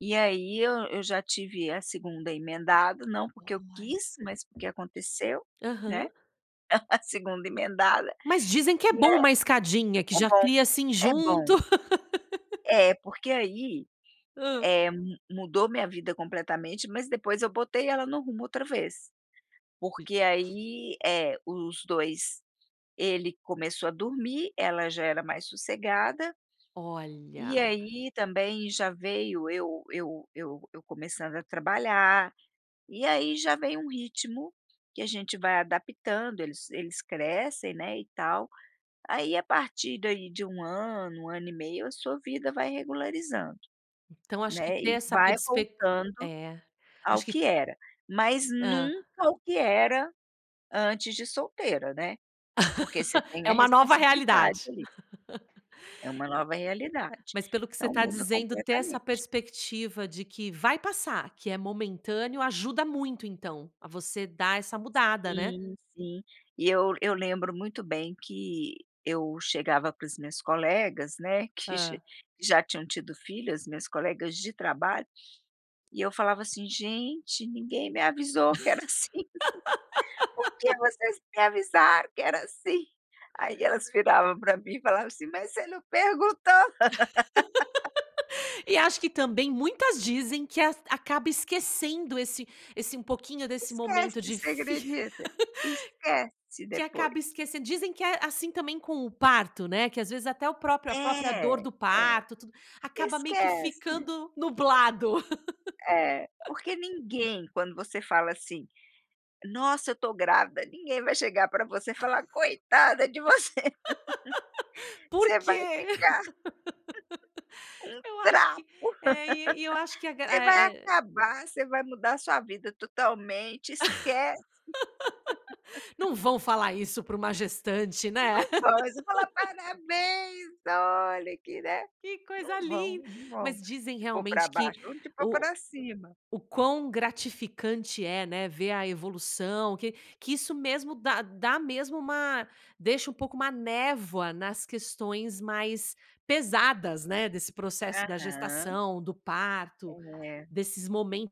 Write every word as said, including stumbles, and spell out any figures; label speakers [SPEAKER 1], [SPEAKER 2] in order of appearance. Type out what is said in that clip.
[SPEAKER 1] E, aí, eu eu já tive a segunda emendado, não, porque eu
[SPEAKER 2] Olha.
[SPEAKER 1] quis, mas, porque aconteceu,
[SPEAKER 2] Aham.
[SPEAKER 1] né, a segunda emendado.
[SPEAKER 2] Mas dizem que é
[SPEAKER 1] E, é
[SPEAKER 2] bom uma escadinha, que
[SPEAKER 1] é
[SPEAKER 2] já
[SPEAKER 1] bom,
[SPEAKER 2] cria assim
[SPEAKER 1] é bom!
[SPEAKER 2] junto.
[SPEAKER 1] É porque aí,
[SPEAKER 2] Hã.
[SPEAKER 1] eh, mu mudou minha vida completamente, mas depois eu botei ela no rumo outra vez,
[SPEAKER 2] E
[SPEAKER 1] porque, aí eh, os dois ele começou a dormir, ela já era mais sossegada, e,
[SPEAKER 2] Olha.
[SPEAKER 1] aí, também já veio eu eu eu eu começando a trabalhar, e aí já veio um ritmo que a gente vai adaptando eles-eles crescem, né, e tal, aí, à partir daí de um ano, um ano e meio a sua vida vai regularizando,
[SPEAKER 2] Então, acho que
[SPEAKER 1] né,
[SPEAKER 2] ter
[SPEAKER 1] e
[SPEAKER 2] essa
[SPEAKER 1] vai
[SPEAKER 2] perspec
[SPEAKER 1] voltando
[SPEAKER 2] É,
[SPEAKER 1] ao
[SPEAKER 2] acho que
[SPEAKER 1] que era, mas
[SPEAKER 2] Hã.
[SPEAKER 1] nunca o que era antes de solteira, né. Porque você tem
[SPEAKER 2] É
[SPEAKER 1] a
[SPEAKER 2] uma nova
[SPEAKER 1] responsabilidade,
[SPEAKER 2] realidade.
[SPEAKER 1] ali, é uma nova realidade,
[SPEAKER 2] Mas pelo que você
[SPEAKER 1] então
[SPEAKER 2] tá
[SPEAKER 1] muda
[SPEAKER 2] dizendo, ter essa
[SPEAKER 1] completamente.
[SPEAKER 2] perspectiva de que vai passar, que é momentâneo, ajuda muito então, a você dar essa mudada né.
[SPEAKER 1] Sim, sim, e eu eu lembro muito bem, que eu chegava para as minhas colegas, né, que xi
[SPEAKER 2] Hã.
[SPEAKER 1] já tinham tido filhas, minhas colegas de trabalho, e eu falava, assim: "Gente ninguém me avisou que era assim. por que vocês não me avisaram que era assim?" Aí elas viravam pra mim e falavam, assim: "Mas você não perguntou!"
[SPEAKER 2] E acho que também muitas dizem que as acaba esquecendo esse esse um pouquinho desse momento
[SPEAKER 1] Esquece, você
[SPEAKER 2] difí
[SPEAKER 1] acredita? Esquece
[SPEAKER 2] Que
[SPEAKER 1] depois.
[SPEAKER 2] acaba esquecen dizem que é assim também com o parto, né? Que às vezes até o próprio a própria dor
[SPEAKER 1] É,
[SPEAKER 2] do
[SPEAKER 1] é,
[SPEAKER 2] parto, tudo acaba meio que
[SPEAKER 1] esquece.
[SPEAKER 2] ficando nublado.
[SPEAKER 1] É, porque ninguém, quando você fala, assim: "Nossa eu tô grávida!" ninguém vai chegar pra você e falar: "Coitada de você
[SPEAKER 2] Por
[SPEAKER 1] você vai
[SPEAKER 2] quê?
[SPEAKER 1] ficar um
[SPEAKER 2] Eu acho
[SPEAKER 1] trapo.
[SPEAKER 2] que é e e eu acho que a
[SPEAKER 1] Você
[SPEAKER 2] gra
[SPEAKER 1] vai
[SPEAKER 2] é é
[SPEAKER 1] acabar, você vai mudar a sua vida totalmente, esquece."
[SPEAKER 2] Não vão falar isso pra uma gestante né?
[SPEAKER 1] Não vão! Eles vão falar: "Parabéns!" olha aqui, né?
[SPEAKER 2] Que
[SPEAKER 1] Não
[SPEAKER 2] coisa
[SPEAKER 1] vão
[SPEAKER 2] lin
[SPEAKER 1] não vão
[SPEAKER 2] Mas dizem
[SPEAKER 1] te por pra
[SPEAKER 2] realmente que
[SPEAKER 1] baixo, vão te por
[SPEAKER 2] o
[SPEAKER 1] pra cima.
[SPEAKER 2] o quão gratificante é, né, ver a evolução que que isso mesmo dá dá mesmo uma deixa um pouco uma névoa nas questões mais pesadas, né, desse processo da
[SPEAKER 1] Aham.
[SPEAKER 2] gestação, do parto,
[SPEAKER 1] É.
[SPEAKER 2] desses momentos.